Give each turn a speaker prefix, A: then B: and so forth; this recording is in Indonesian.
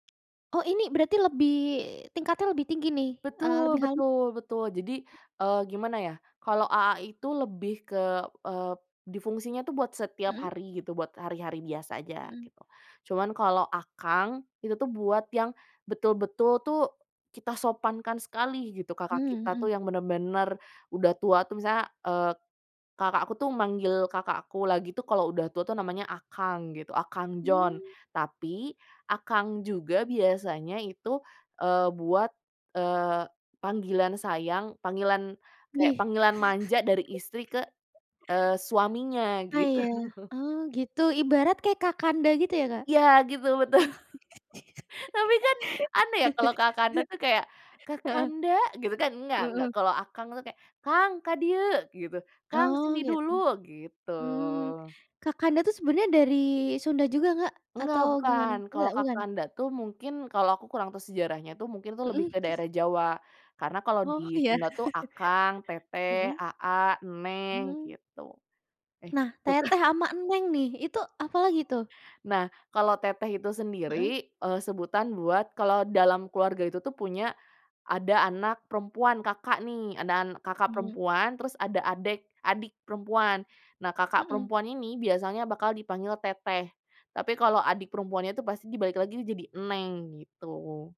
A: Oh ini berarti lebih tingkatnya lebih tinggi nih? Eee,
B: Betul
A: lebih halu
B: betul betul jadi, eee, gimana ya, kalau "aa" itu lebih ke, eee, di fungsinya tuh buat setiap
A: Mhm.
B: hari gitu, buat hari-hari biasa aja
A: Mhm.
B: gitu, cuman kalau "akang" itu tuh buat yang, betul-betul tuh, kita sopankan sekali gitu kakak
A: Mmm,
B: kita tuh
A: mhm.
B: yang bener-bener udah tua tuh, misalnya, eee, kakak aku tuh manggil kakak aku lagi tuh kalau udah tua tuh namanya "akang" gitu akang John,
A: Mmm.
B: tapi "akang" juga biasanya itu, eee, buat, eee, panggilan sayang, panggilan, kayak
A: Wih.
B: panggilan manja dari istri ke, eee, suaminya
A: Ah,
B: gitu.
A: iya oh gitu ibarat kayak "kakanda" gitu ya Kak?
B: Ya gitu betul, tapi kan aneh ya kalau "kakanda" tuh kayak,
A: Heeh.
B: "kakanda" gitu kan enggak enggak
A: Mhm.
B: kalau akang tuh kayak, "Kang, ka dieu," gitu, "Kang
A: Oh
B: sini
A: gitu,
B: dulu," gitu.
A: mmm, "kakanda" tuh sebenarnya dari Sunda juga nggak?
B: Nggak
A: Atau gimana?
B: bukan,
A: Nggak?
B: kalau
A: Bukan?
B: "kakanda" tuh mungkin kalau aku kurang tahu sejarahnya tuh mungkin tuh lebih
A: Mhm.
B: ke daerah Jawa, karena kalau di
A: Oh iya,
B: Sunda tuh akang, teteh,
A: mhm.
B: aa, neng,
A: Mmm.
B: gitu. Eh,
A: Nah
B: tuh kan.
A: "teteh" ama "neng" nih itu apalagi tuh?
B: Nah kalau teteh itu
A: Heeh.
B: sendiri, eee, sebutan buat kalau dalam keluarga itu tuh punya, ada anak perempuan kakak nih, ada kakak
A: Mmm.
B: perempuan terus ada adik adik perempuan, nah kakak
A: Mhm.
B: perempuan ini biasanya bakal dipanggil "teteh," tapi kalau adik perempuannya itu pasti dibalik lagi tuh jadi "neng" gitu.